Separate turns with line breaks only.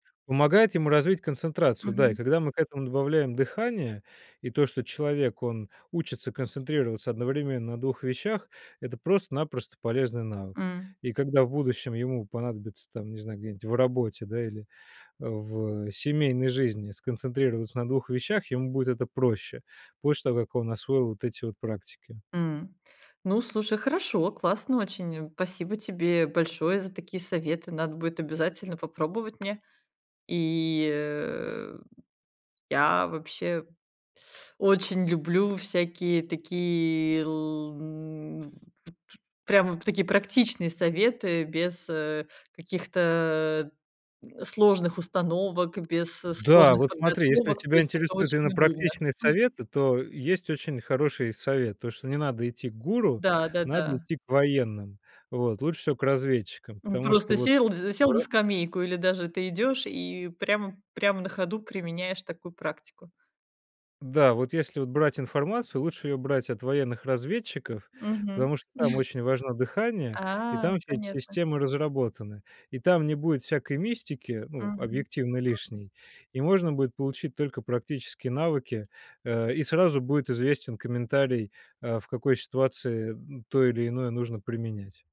Помогает ему развить концентрацию, да, и
Мгм.
когда мы к этому добавляем дыхание, и то, что человек, он учится концентрироваться одновременно на 2 вещах, это просто-напросто полезный навык.
Мгм.
И когда в будущем ему понадобится там, не знаю, где-нибудь в работе, да, или в, э, семейной жизни сконцентрироваться на 2 вещах, ему будет это проще, после того, как он освоил вот эти вот практики.
М. Ну, слушай, хорошо, классно очень, спасибо тебе большое за такие советы, надо будет обязательно попробовать мне, и, э, я вообще очень люблю всякие такие, л м ф т т прям вот такие практичные советы без, э, каких-то, а, э, сложных установок, без
Да,
сложных
вот смотри, если
подготовок, то
тебя
есть это
интересуют
очень
именно
удобно.
практичные
М.
советы, то есть очень хороший совет: то, что не надо идти к гуру, надо
Да-да-да.
идти к военным, вот, лучше всего к разведчикам,
М,
потому что
просто
вот
сел зе
в
сел на
ро
скамейку или даже ты идёшь и прямо прямо на ходу применяешь такую практику.
Да, вот если брать информацию, лучше её брать от военных разведчиков,
Мгм.
потому что там очень важно дыхание, и
А,
там эти
понятно.
системы разработаны. И там не будет всякой мистики, ну,
Мгм.
объективно
Мгм.
лишней, и можно будет получить только практические навыки, э, и сразу будет известен комментарий, а в какой ситуации, м, то или иное нужно применять.